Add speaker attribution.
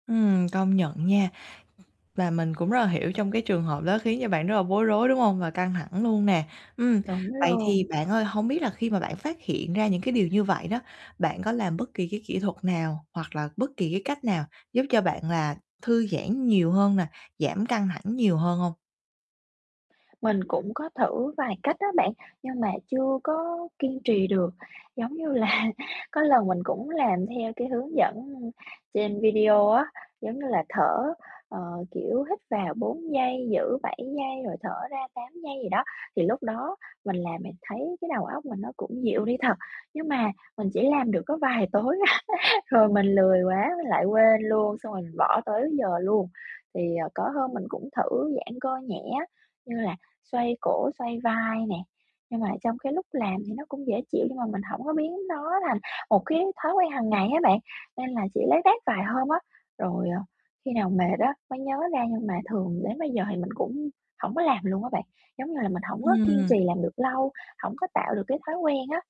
Speaker 1: Ừm, công nhận nha. Và mình cũng rất là hiểu trong cái trường hợp đó khiến cho bạn rất là bối rối, đúng hông? Và căng thẳng luôn nè. Ừm,
Speaker 2: Đúng
Speaker 1: vậy thì
Speaker 2: luôn.
Speaker 1: bạn ơi, hông biết là khi mà bạn phát hiện ra những cái điều như vậy đó, bạn có làm bất kỳ cái kỹ thuật nào hoặc là bất kỳ cái cách nào giúp cho bạn là thư giãn nhiều hơn nè, giảm căng thẳng nhiều hơn hông?
Speaker 2: Mình cũng có thử vài cách á bạn, nhưng mà chưa có kiên trì được. Giống như là, có lần mình cũng làm theo cái hướng dẫn trên video á, giống như là, thở, ờ, kiểu, hít vào 4 giây, giữ 7 giây rồi thở ra 8 giây gì đó, thì lúc đó mình làm mình thấy cái đầu óc mình nó cũng dịu đi thật. Nhưng mà mình chỉ làm được có vài tối à, rồi mình lười quá mình lại quên luôn, xong rồi mình bỏ tới giờ luôn. Thì, ờ, có hôm mình cũng thử giãn cơ nhẹ á, như là xoay cổ, xoay vai nè, nhưng mà trong cái lúc làm thì nó cũng dễ chịu nhưng mà mình hổng có biến nó thành một cái thói quen hằng ngày á bạn, nên là chỉ lác đác vài hôm á. Rồi, ờ, khi nào mệt á mới nhớ ra nhưng mà thường đến bây giờ thì mình cũng hổng có làm luôn á bạn, giống như là, mình hổng có kiên
Speaker 1: Ừm.
Speaker 2: trì làm được lâu, hổng có tạo được cái thói quen á.